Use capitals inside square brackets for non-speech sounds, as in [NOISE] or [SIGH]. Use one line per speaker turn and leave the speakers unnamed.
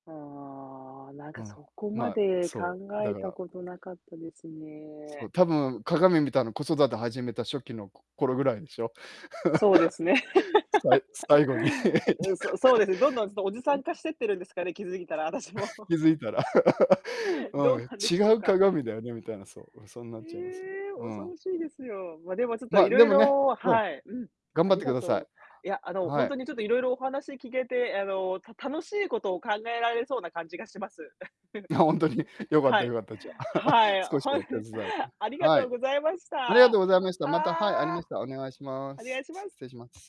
ああ、なん
う
かそ
ん、
こ
ま
ま
あ、
で考
そう、だ
え
か
た
ら。
ことなかったです
そ
ね。
う、多分鏡見たの子育て始めた初期のこ頃ぐらいでしょ。
そうですね。
[LAUGHS] さい最後に。
[LAUGHS] え、そうそうですね、どんどんそう、おじさん
[LAUGHS]
化してってるんですかね、気づいたら私も。
[LAUGHS]
[LAUGHS]
気づいたら。[LAUGHS]
どう
はい、
なんでしょ
違
う
う
か。
鏡だよねみたいな、そうそうなっちゃいますよ。
ええ、
う
恐
ん。
ろしいですよ。ま、でもちょっと
まあ
い
で
ろい
もね、
ろ
うん、
はい、うん、
頑
あ
張っ
り
てく
が
ださ
と
い。
う。いや、あの
は
ほん
い。
とにちょっといろいろお話聞けてあの、た楽しいことを考えられそうな感じがします。[CHUCKLES]
いやほんとによかっ
は
たよ
い。
かった、じゃあ。
はい、
[LAUGHS]
は
少しお
い。
手伝い。
ありが
は
とう
い。
ございました、
あり
は
がとうございました。また、はい、ありま
あ。
したらお願いしまー
お願
す。
いします。
失礼します。